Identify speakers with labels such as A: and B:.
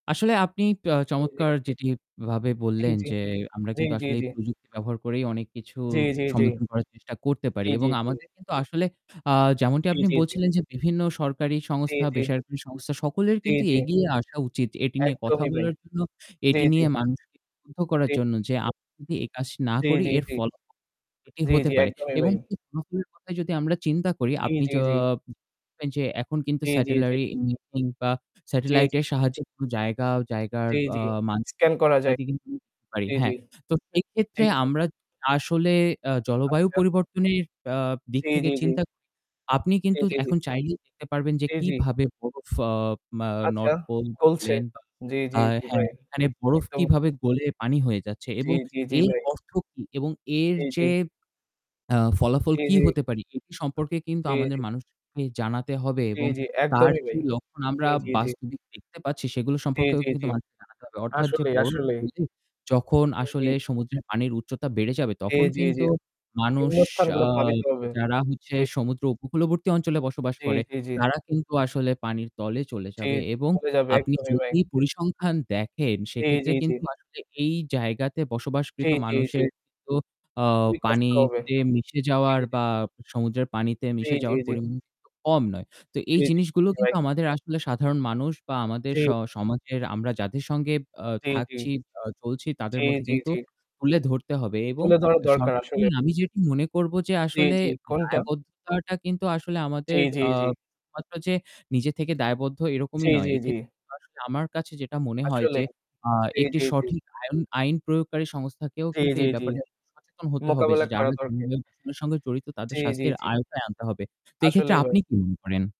A: আসলে আপনি পো
B: জি, জি।
A: চমৎকার যেটি ভাবে
B: জি,
A: বললেন,
B: জি।
A: যে আমরা
B: জি,
A: কিন্তু
B: জি,
A: আসলে এই
B: জি।
A: প্রযুক্তি ব্যবহার করেই অনেক কিছু
B: জি, জি, জি।
A: সমাধান করার চেষ্টা করতে
B: জি,
A: পারি
B: জি,
A: এবং
B: জি।
A: আমাদের কিন্তু আসলে যেমনটি
B: জি,
A: আপনি
B: জি, জি।
A: বলছিলেন যে বিভিন্ন সরকারি
B: জি,
A: সংস্থা,
B: জি।
A: বেসরকারি সংস্থা সকলের
B: জি,
A: কিন্তু
B: জি।
A: এগিয়ে আসা উচিত এটি নিয়ে কথা
B: একদমই ভাই।
A: বলার জন্য।
B: জি,
A: এটি
B: জি।
A: নিয়ে মানুষিক [unintelligible] করার
B: জি,
A: জন্য যে
B: জি।
A: আমরা যদি এই কাজ না
B: জি,
A: করি
B: জি,
A: এর
B: জি।
A: ফলাফল এটি
B: জি,
A: হতে
B: জি।
A: পারে
B: একদমই
A: এবং
B: ভাই।
A: এই [unintelligible] কথা যদি আমরা চিন্তা করি,
B: জি,
A: আপনি
B: জি,
A: য
B: জি।
A: [unintelligible] যে এখন কিন্তু
B: জি, জি, জি।
A: Satellite imaging বা
B: জি,
A: Satellite
B: জি।
A: এর সাহায্যে কোন জায়গা জায়গার
B: জি,
A: আ
B: জি।
A: মান
B: scan
A: [unintelligible]
B: করা যাক।
A: ইত্যাদি কিন্তু দেখতে পারি।
B: জি,
A: হ্যাঁ,
B: জি,
A: তো সেইক্ষেত্রে
B: জি।
A: আমরা আসলে অ্যা জলবায়ু
B: আচ্ছা।
A: পরিবর্তনের আ দিক
B: জি,
A: থেকে
B: জি, জি।
A: চিন্তা [unintelligible] আপনি
B: জি,
A: কিন্তু
B: জি, জি।
A: এখন চাইলেই দেখতে পারবেন যে
B: জি, জি।
A: কিভাবে বরফ আ মা
B: আচ্ছা।
A: North Pole
B: খুলছে।
A: বলেন বা
B: জি, জি, জি
A: হ্যাঁ,
B: ভাই।
A: এখানে বরফ
B: একদম।
A: কিভাবে গলে পানি হয়ে যাচ্ছে
B: জি,
A: এবং
B: জি, জি
A: এর
B: ভাই।
A: অর্থ কি? এবং এর
B: জি, জি।
A: যে আ ফলাফল
B: জি,
A: কি
B: জি।
A: হতে পারে এটি সম্পর্কে কিন্তু
B: জি,
A: আমাদের
B: জি।
A: মানুষজন কে জানাতে হবে
B: জি,
A: এবং
B: জি,
A: তার
B: একদমই ভাই
A: যে লক্ষণ আমরা
B: জি, জি, জি।
A: বাস্তবিক থেকে দেখতে পাচ্ছি সেগুলো
B: জি,
A: সম্পর্কেও
B: জি,
A: কিন্তু
B: জি
A: মানুষকে জানাতে হবে। অর্থাৎ যে
B: আসলেই,
A: বরফ
B: আসলেই।
A: গলে যখন আসলে
B: জি, জি।
A: সমুদ্রের পানির উচ্চতা বেড়ে যাবে
B: জি,
A: তখন
B: জি, জি।
A: কিন্তু মানুষ
B: বিভিন্ন
A: আ
B: স্থানগুলো ভাবিতে হবে।
A: যারা হচ্ছে
B: জি।
A: সমুদ্র উপকূলবর্তী অঞ্চলে বসবাস
B: জি,
A: করে
B: জি, জি।
A: তারা কিন্তু আসলে পানির তলে চলে
B: জি
A: যাবে। এবং
B: চলে যাবে
A: আপনি
B: একদমই ভাই।
A: যদি পরিসংখ্যান দেখেন
B: জি,
A: সেক্ষেত্রে
B: জি, জি।
A: কিন্তু আসলে এই জায়গাতে
B: জি,
A: বসবাসকৃত
B: জি, জি।
A: মানুষের কিন্তু অ
B: খুবই কষ্টকর হবে।
A: পানিতে মিশে
B: জি,
A: যাওয়ার
B: জি, জি।
A: বা সমুদ্রের পানিতে
B: জি,
A: মিশে
B: জি,
A: যাওয়ার
B: জি।
A: পরিমাণ কিন্তু কম নয়। তো এই
B: জি, জি,
A: জিনিসগুলো কিন্তু
B: রাইট।
A: আমাদের আসলে সাধারণ মানুষ বা আমাদের
B: জি।
A: স সমাজের আমরা যাদের সঙ্গে আ
B: জি, জি।
A: থাকছি, অ চলছি তাদের
B: জি,
A: মধ্যে
B: জি,
A: কিন্তু
B: জি।
A: তুলে ধরতে হবে এবং
B: তুলে ধরা দরকার আসলে।
A: শর্তগুলি আমি যেটি মনে করব যে
B: জি,
A: আসলে
B: জি। কোনটা?
A: দায়বদ্ধতাটা কিন্তু আসলে
B: জি,
A: আমাদের
B: জি,
A: আ
B: জি।
A: শুধুমাত্র যে নিজে থেকে দায়বদ্ধ
B: জি,
A: এরকমই নয়।
B: জি, জি।
A: এক্ষেত্রে আসলে আমার কাছে যেটা মনে হয় যে
B: আসলেই। জি,
A: একটি
B: জি, জি।
A: সঠিক আয়ন আইন প্রয়োগকারী সংস্থাকেও
B: জি,
A: কিন্তু
B: জি,
A: এই
B: জি।
A: ব্যাপারে সচেতন হতে হবে
B: মোকাবেলা
A: যে
B: করা
A: যারা
B: দরকার।
A: [unintelligible] সঙ্গে জড়িত তাদের
B: জি, জি,
A: শাস্তির
B: জি।
A: আওতায় আনতে হবে। তো এক্ষেত্রে
B: আসলেই ভাই।
A: আপনি কি মনে করেন?